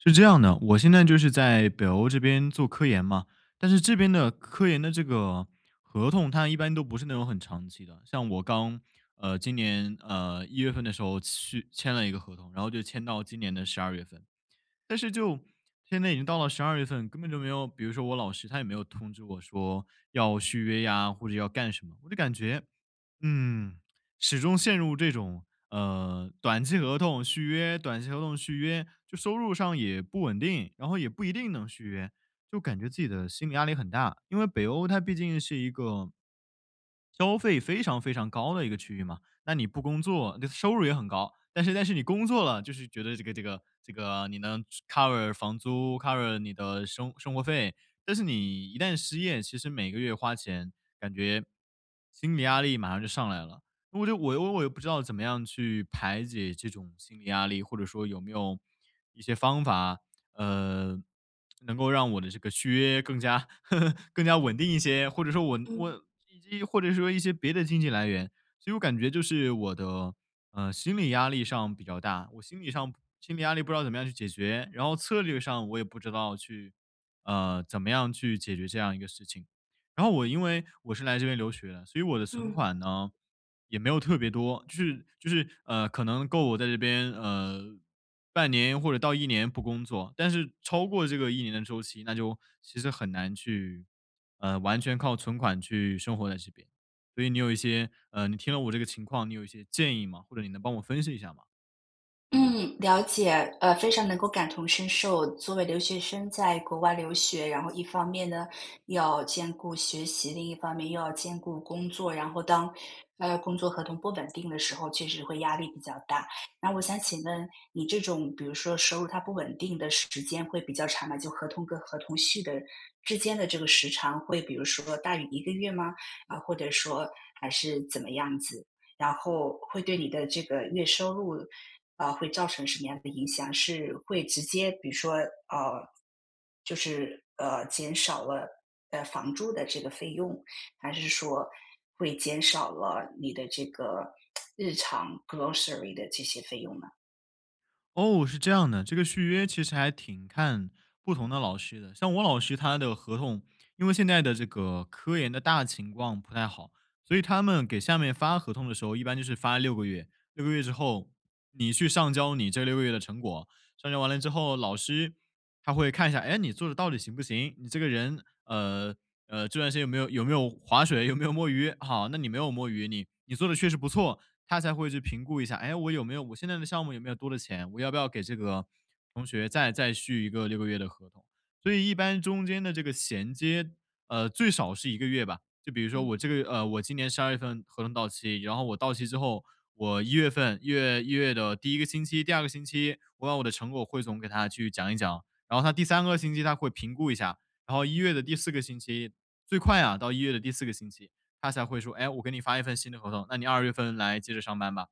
是这样的，我现在就是在北欧这边做科研嘛，但是这边的科研的这个合同，它一般都不是那种很长期的。像我刚，呃，今年，呃，1月份的时候去签了一个合同，然后就签到今年的12月份。但是就现在已经到了12月份，根本就没有比如说我老师，他也没有通知我说要续约呀，或者要干什么。我就感觉，嗯，始终陷入这种，呃，短期合同续约，短期合同续约，就收入上也不稳定，然后也不一定能续约，就感觉自己的心理压力很大，因为北欧它毕竟是一个消费非常非常高的一个区域嘛。那你不工作这收入也很高，但是但是你工作了，就是觉得这个这个这个你能租 cover 房租，cover 你的生生活费。但是你一旦失业，其实每个月花钱，感觉心理压力马上就上来了。我就我我我又不知道怎么样去排解这种心理压力，或者说有没有一一些方法，呃，能够让我的这个续约更加 更加稳定一些，或者说稳嗯。稳 [unintelligible] 或者说一些别的经济来源。其实我感觉就是我的，呃，心理压力上比较大，我心理上心理压力不知道怎么样去解决，然后策略上，我也不知道去，呃，怎么样去解决这样一个事情。然后我因为，我是来这边留学的，所以我的存嗯。款呢，也没有特别多，就是就是，呃，可能够我在这边，呃，半年或者到1年不工作，但是超过这个1年的周期，那就其实很难去，呃，完全靠存款去生活在这边。所以你有一些呃，你听了我这个情况你有一些建议吗？或者你能帮我分析一下吗？嗯，了解，呃，非常能够感同身受。作为留学生在国外留学，然后一方面呢，要兼顾学习，另一方面又要兼顾工作。然后当，呃，工作合同不稳定的时候，确实会压力比较大。那我想请问，你这种比如说收入它不稳定的时间会比较长嘛？就合同跟合同续的之间的这个时长，会比如说大于1个月吗？啊，或者说还是怎么样子？然后会对你的这个月收入，啊，会造成什么样的影响？是会直接比如说，呃，就是，呃，减少了，呃，房租的这个费用，还是说会减少了你的这个 日常 grocery 的这些费用呢？哦，是这样的，这个续约其实还挺看不同的老师的。像我老师他的合同因为现在的这个科研的大情况不太好，所以他们给下面发合同的时候一般就是发6个月，6个月之后，你去上交你这6个月的成果。上交完了之后老师他会看一下，哎，你做得到底行不行，你这个人，呃，呃，这段时间有没有有没有划水，有没有摸鱼，好，那你没有摸鱼，你你做得确实不错，他才会去评估一下，“哎，我有没有我现在的项目有没有多的钱？我要不要给这个同学再再续一个6个月的合同”。所以一般中间的这个衔接，呃，最少是1个月吧，就比如说嗯。我这个月呃，我今年12月份合同到期，然后我到期之后，我1月份1月1月的第1个星期、第2个星期，我把我的成果汇总给他去讲一讲，然后他第3个星期他会评估一下，然后1月的第4个星期最快啊到1月的第4个星期，他才会说：“哎，我给你发一份新的合同，那你2月份来接着上班吧。”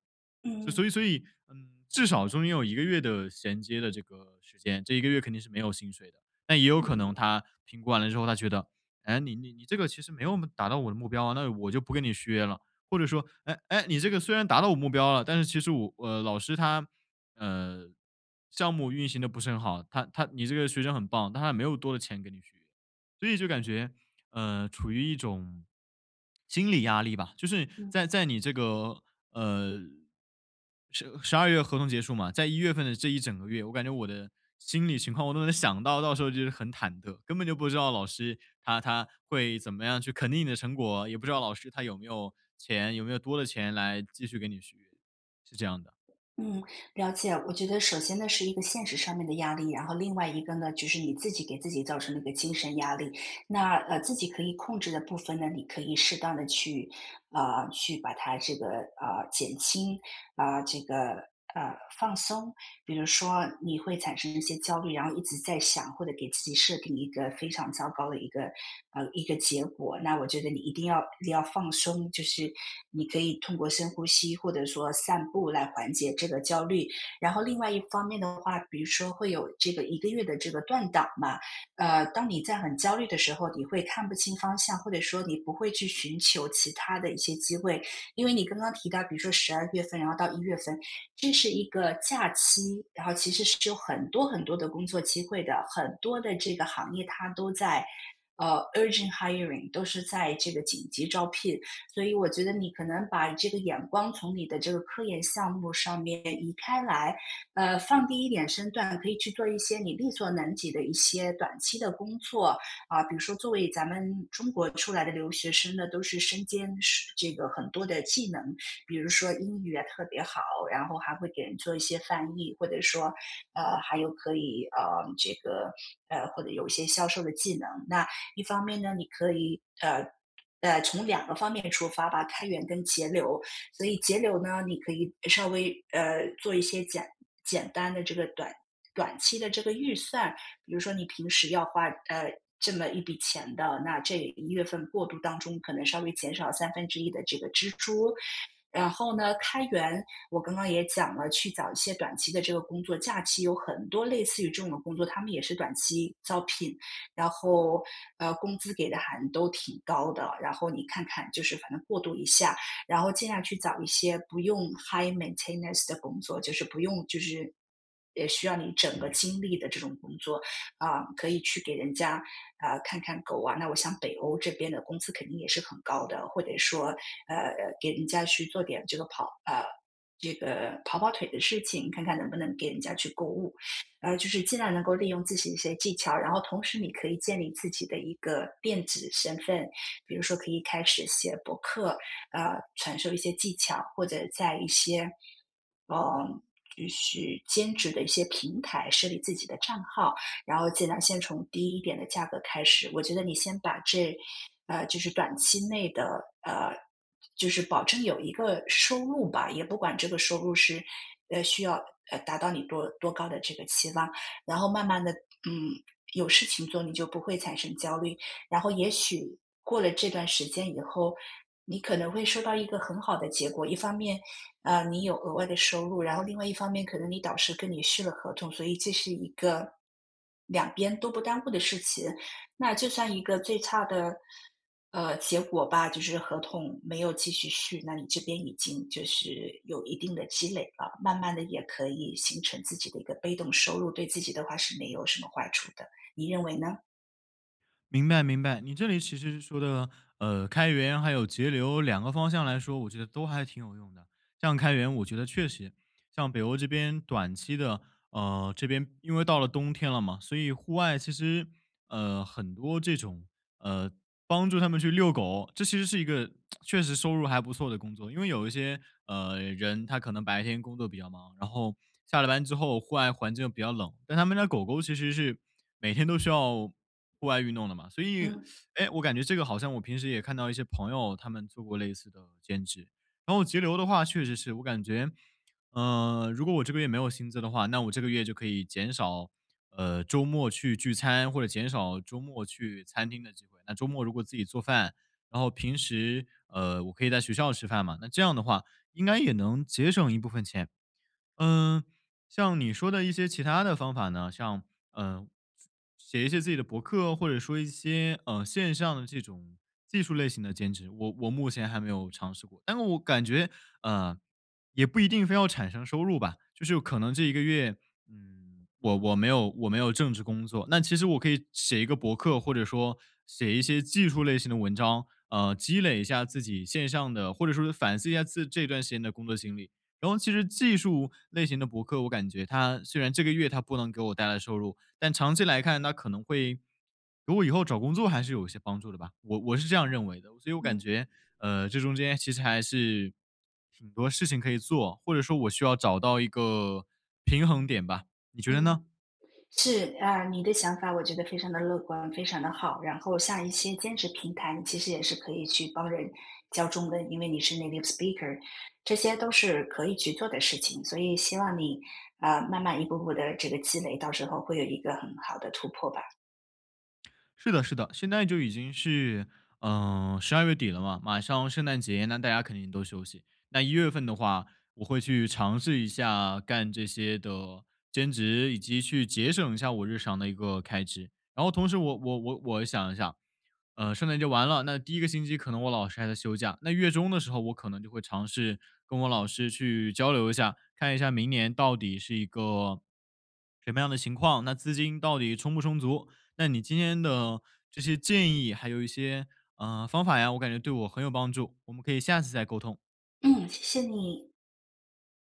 嗯嗯。所以所以，嗯，至少中间有1个月的衔接的这个时间，这1个月肯定是没有薪水的。但也有嗯可能嗯。他评估完了之后他觉得：“哎，你你你这个其实没有我们达到我的目标啊，那我就不跟你续约了。”或者说，“哎，哎，你这个虽然达到我目标了，但是其实我”呃，老师他，呃，项目运行得不是很好，他他你这个学生很棒，但他没有多的钱给你续约。所以就感觉，呃，处于一种心理压力吧，就是嗯。在在你这个呃，1012月合同结束嘛，在1月份的这1整个月，我感觉我的心理情况，我都能想到，到时候就是很忐忑，根本就不知道老师他他会怎么样去肯定你的成果，也不知道老师他有没有钱，有没有多的钱来继续给你续约，是这样的。嗯，了解，我觉得首先呢是一个现实上面的压力啊，然后另外一个呢，就是你自己给自己造成了一个精神压力。那，呃，自己可以控制的部分呢，你可以适当地去，啊，去把它这个，呃，减轻，啊，这个，呃，放松。比如说你会产生一些焦虑，然后一直在想，或者给自己设定一个非常糟糕的一个呃，一个结果，那我觉得你一定要你要放松，就是你可以通过深呼吸，或者说散步来缓解这个焦虑。然后另外一方面的话，比如说会有这个1个月的这个断档嘛，呃，当你在很焦虑的时候，你会看不清方向，或者说你不会去寻求其它的一些机会。因为你刚刚提到，比如说12月份然后到1月份，这是一个假期，然后其实是有很多很多的工作机会的，很多的这个行业它都在，呃，urgent hiring，都是在这个紧急招聘。所以我觉得你可能把这个眼光从你的这个科研项目上面移开来，呃，放低一点身段，可以去做一些你力所能及的一些短期的工作。啊，比如说作为咱们中国出来的留学生呢，都是身兼十这个很多的技能，比如说英语也特别好，然后还会给人做一些翻译，或者说，呃，还有可以，呃，这个，呃，或者有一些销售的技能。那一方面呢，你可以呃，呃，从两个方面出发吧-开源跟节流。所以节流呢，你可以稍微，呃，做一些简简单的这个短短期的这个预算，比如说你平时要花呃，这么一笔钱的，那这一月份过渡当中可能稍微减少1/3的这个支出。然后呢开源，我刚刚也讲了，去找一些短期的这个工作，假期有很多类似于这种工作，他们也是短期招聘，然后，呃，工资给的还都挺高的。然后你看看，就是反正过渡一下，然后尽量去找一些不用 high maintenance 的工作，就是不用就是呃，需要你整个精力的这种工作。啊，可以去给人家，啊，看看狗啊，那我想北欧这边的工资肯定也是很高的，或者说，呃，给人家去做点这个跑呃，这个跑跑腿的事情，看看能不能给人家去购物。呃，就是尽量能够利用自己的一些技巧。然后同时你可以建立自己的一个电子身份，比如说可以开始写博客，啊，传授一些技巧，或者在一些，呃，就是兼职的一些平台设立自己的账号。然后尽量先从低一点的价格开始，我觉得你先把这呃，就是短期内的，呃，就是保证有一个收入吧，也不管这个收入是，呃，需要，呃，达到你多多高的这个期望，然后慢慢地，嗯，有事情做，你就不会产生焦虑。然后也许过了这段时间以后，你可能会收到一个很好的结果。一方面，呃，你有额外的收入，然后另外一方面可能你导师跟你续了合同，所以这是一个两边都不耽误的事情。那就算一个最差的，呃，结果吧，就是合同没有继续续，那你这边已经就是有一定的积累了，慢慢地也可以形成自己的一个被动收入，对自己的话是没有什么坏处的，你认为呢？明白，明白，你这里其实说的，呃，开源还有节流两个方向来说，我觉得都还挺有用的。像开源我觉得确实，像北欧这边短期的，呃，这边因为到了冬天了嘛，所以户外其实，呃，很多这种，呃，帮助他们去遛狗，这其实是一个 确实收入还不错的工作，因为有一些，呃，人他可能白天工作比较忙，然后下了班之后户外环境比较冷，但他们家狗狗其实是每天都需要户外运动的嘛，所以 嗯。哎，我感觉这个好像我平时也看到一些朋友，他们做过类似的兼职。然后节流的话确实是，我感觉，呃，如果我这个月没有薪资的话，那我这个月就可以减少，呃，周末去聚餐或者减少周末去餐厅的。那周末如果自己做饭，然后平时，呃，我可以在学校吃饭嘛，那这样的话应该也能节省一部分钱。嗯，像你说的一些其它的方法呢，像，呃，写一些自己的博客或者说一些，呃，线上的这种技术类型的兼职，我我目前还没有尝试过，但是我感觉，呃，也不一定非要产生收入吧，就是可能这一个月，嗯，我我没有我没有正职工作，那其实我可以写一个博客或者说写一些技术类型的文章，呃，积累一下自己线上的或者说反思一下自这段时间的工作经历。然后其实技术类型的博客，我感觉它虽然这个月它不能给我带来收入，但长期来看它可能会如果以后找工作还是有一些帮助的吧，我我是这样认为的，所以我感嗯。觉，呃，这中间其实还是挺多事情可以做，或者说我需要找到一个平衡点吧，你觉得嗯，呢？是，啊，你的想法我觉得非常的乐观，非常的好。然后像一些兼职平台，你其实也是可以去帮人教中文，因为你是 native speaker，这些都是可以去做的事情。所以希望你，啊，慢慢一步步地这个积累，到时候会有一个很好的突破吧。是的，是的，现在就已经是，呃，十二月底了嘛，马上圣诞节那大家肯定都休息，那一月份的话我会去尝试一下，干这些的兼职，以及去节省一下我日常的一个开支。然后同时我我我我想一想，呃，圣诞节完了，那第1个星期可能我老师还在休假，那月中的时候，我可能就会尝试跟我老师去交流一下，看一下明年到底是一个什么样的情况，那资金到底充不充足。那你今天的这些建议还有一些，呃，方法呀，我感觉对我很有帮助，我们可以下次再沟通。嗯，谢谢你。